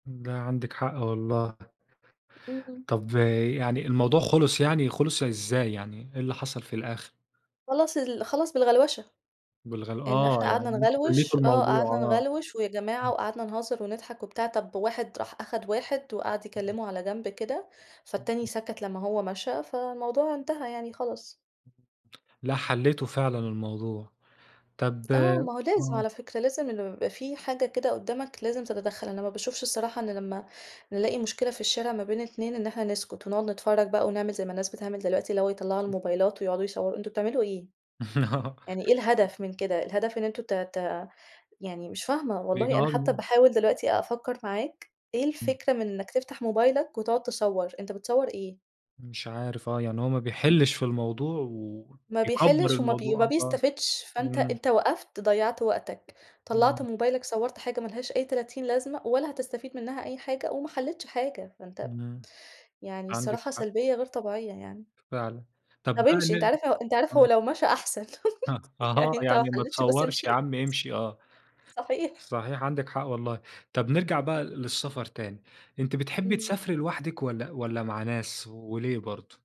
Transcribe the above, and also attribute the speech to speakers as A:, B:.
A: امم، لا، عندِك حق والله.
B: إمم.
A: طَب يعني الموضوع خلص يعني، خلص إزاي يعني، إيه اللي حصل في الآخر؟
B: خلّص ال خلّص بالغلوشة.
A: بالغل
B: إن
A: آه،
B: إحنا
A: يعني
B: قعدنا
A: أنتم
B: نغلوش
A: حليتوا
B: آه،
A: الموضوع،
B: قعدنا
A: آه.
B: نغلوش ويا جماعة
A: [unintelligible]
B: وقعدنا نهزر ونضحك وبتاع، طَب واحد راح آخد واحد وقعد
A: [unintelligible]
B: يكلمه على جنب كده، فالتاني
A: [unintelligible]
B: سكت لما هو مشى، فالموضوع انتهى يعني، خلاص.
A: [unintelligible] لا حليتوا فعلًا الموضوع. طَب
B: آه، ما هو لازم
A: امم.
B: على فكرة، لازم لما يبقى في حاجة كده قُدامك لازم تتدخل، أنا ما باشوفش الصراحة إن لما نلاقي مشكلة في الشارع ما بين اتنين إن إحنا نسكت ونقعد نتفرج بقى ونعمل زي ما الناس بتعمل دلوقتي، اللي هو يطلعوا
A: [unintelligible]
B: الموبايلات ويقعدوا يصوروا، أنتم بتعملوا إيه! يعني إيه الهدف من كده! الهدف إن أنتم ت ت يعني مش فاهمة والله، أنا حتى
A: [unintelligible]
B: باحاول دلوقتي أفكر معاك، إيه
A: إمم.
B: الفكرة من إنك تفتح موبايلك وتقعد تصور، أنت بتصور إيه!
A: مش عارف، آه، يعني هو ما بيحلش في الموضوع
B: ما
A: ويكبر
B: بيحلش وما بي
A: الموضوع
B: ما
A: آه، صح،
B: بيستفدش، فأنت
A: إمم.
B: أنت وقفت، ضيعت وقتك، طلعت
A: إمم.
B: موبايلك صورت حاجة ملهاش أي تلاتين لازمة ولا هتستفيد منها أي حاجة وما حليتش حاجة. ما أنت
A: إمم.
B: يعني
A: عندِك
B: الصراحة
A: حق.
B: سلبية غير طبيعية يعني.
A: فعلًا، طَب
B: طَب
A: بقى
B: امشِ. أنت
A: ليه
B: عارف ل أنت عارف
A: آه.
B: هو لو مشى أحسن،
A: أ أها
B: يعني أنت ما
A: يعني ما
B: حليتش بس
A: تصورش
B: امشِ.
A: يا عم امشي، آه.
B: صحيح.
A: صحيح عندِك حق والله. طيب نرجع بقى
B: [unintelligible]
A: للسفر تاني. أنتِ بتحبي
B: إمم.
A: تسافري لوحدِك والَّا والَّا مع ناس وليه برضه؟